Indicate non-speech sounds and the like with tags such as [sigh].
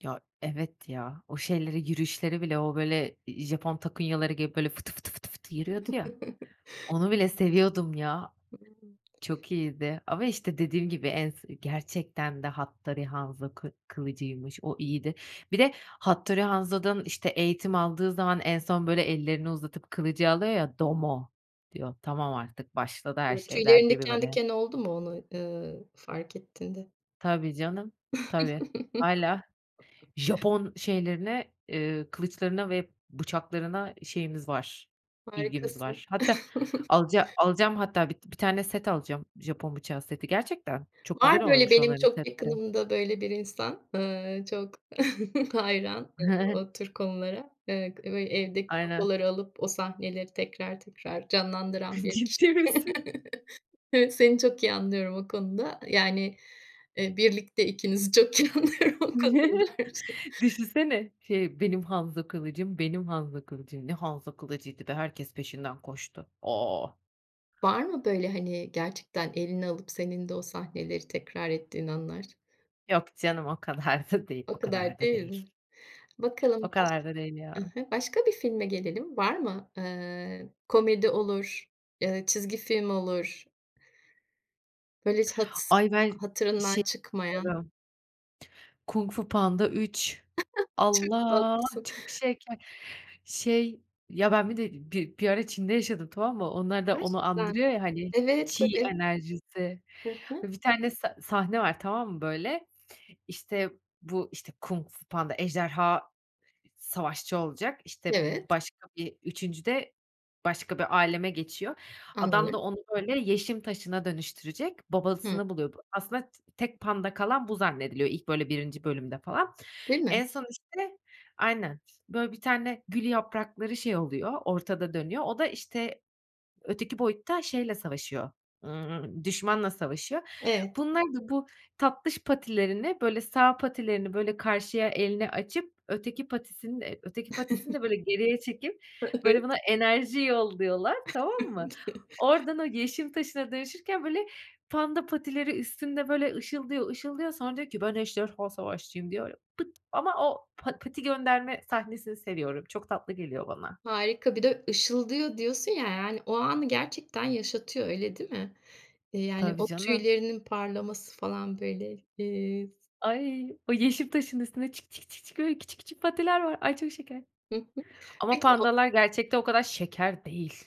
Ya, evet ya, o şeyleri, yürüyüşleri bile, o böyle, iii, Japon takunyaları giyip böyle fıtı, fıtı, fıtı, fıtı yürüyordu ya, [chuckles] onu bile seviyordum ya. Hımm. Çok iyiydi. Ama işte dediğim gibi, en s gerçekten de Hattori Hanzo kı kılıcıymış, o iyiydi. Bir de Hattori Hanzo'dan işte eğitim aldığı zaman en son böyle ellerini uzatıp kılıcı alıyor ya, doumo diyor. Tamam artık, başladı her şey, der Tüylerin gibi diken böyle. diken oldu mu onu, ııı, fark ettiğinde? Tabii canım, tabii. Hâlâ [chuckles] Japon şeylerine, eee, kılıçlarına ve bıçaklarına şeyimiz var, ilgimiz Harikasın. var. Hatta [chuckles] alaca alacağım hatta, bit bir tane set alacağım, Japon bıçağı seti. Gerçekten çok Var güzel böyle oluyormuş benim onların çok setleri. yakınımda böyle bir insan, ııı, çok [chuckles] hayran, ııı, [chuckles] o tür konulara. Iıı, kı böyle evdeki Aynen. sopaları alıp o sahneleri tekrar tekrar canlandıran bir [chuckles] kişi. Ciddi misin? [chuckles] Evet, seni çok iyi anlıyorum o konuda yani, ııı, birlikte ikinizi çok iyi anlıyorum o konuda [chuckles] dermişim. Düşünsene, şey benim Hanzo kılıcım benim Hanzo kılıcım. Ne Hanzo kılıcıydı be? Herkes peşinden koştu. Oh! Var mı böyle hani gerçekten eline alıp senin de o sahneleri tekrar ettiğin anlar? Yok canım, o kadar da değil. O O kadar kadar da değil mi? değil. Bakalım O baş kadar da değil I ya. hı, başka bir filme gelelim. Var mı? Iıı, komedi olur, ııı, çizgi film olur. Böyle hiç hats Ay, ben hatırından şeye. çıkmayan. [unintelligible] Kung Fu Panda 3 [chuckles] Çok Allah! tatlısın. Çok şeker. Şey ya, ben bir de bir bir ara Çin'de yaşadım tamam mı? Onlar da onu Gerçekten. andırıyor ya hani Evet. 气 Tabii. enerjisi. Hı hı. Bir tane sa sahne var tamam mı böyle? İşte bu işte Kung Fu Panda ejderha savaşçı olacak, işte, Evet. başka bir 3'üncüde başka bir âleme geçiyor. Adam Anlıyorum. da onu böyle yeşim taşına dönüştürecek, Hımm. babasını buluyor bu. Aslında t tek panda kalan bu zannediliyor, ilk böyle 1'inci bölümde falan. Değil mi? En son işte Aynen, böyle bir tane gül yaprakları şey oluyor, ortada dönüyor. O da işte, öteki boyutta şeyle savaşıyor, ımm, düşmanla savaşıyor. Evet. Bunlar da bu tatlış patilerini, böyle sağ patilerini böyle karşıya elini açıp öteki patisini de öteki patisini de böyle [chuckles] geriye çekip E böyle evet. buna enerji yolluyorlar, tamam mı? [chuckles] Oradan o yeşim taşına dönüşürken böyle panda patileri üstünde böyle ışıldıyor, ışıldıyor sonra diyor ki ben ejderha savaşçıyım diyor, pıt ama o pa pati gönderme sahnesini seviyorum. Çok tatlı geliyor bana. Harika bir de ışıldıyor diyorsun ya yani o anı gerçekten yaşatıyor öyle değil mi? İii, yani Tabii, o canım. tüylerinin parlaması falan böyle, ııı, s Ay! O yeşim taşının üstünde çık, çık, çı çık böyle küçük, küçük patiler var. Ay, çok şeker. Hı hı. Ama Peki o pandalar gerçekte o kadar şeker değil.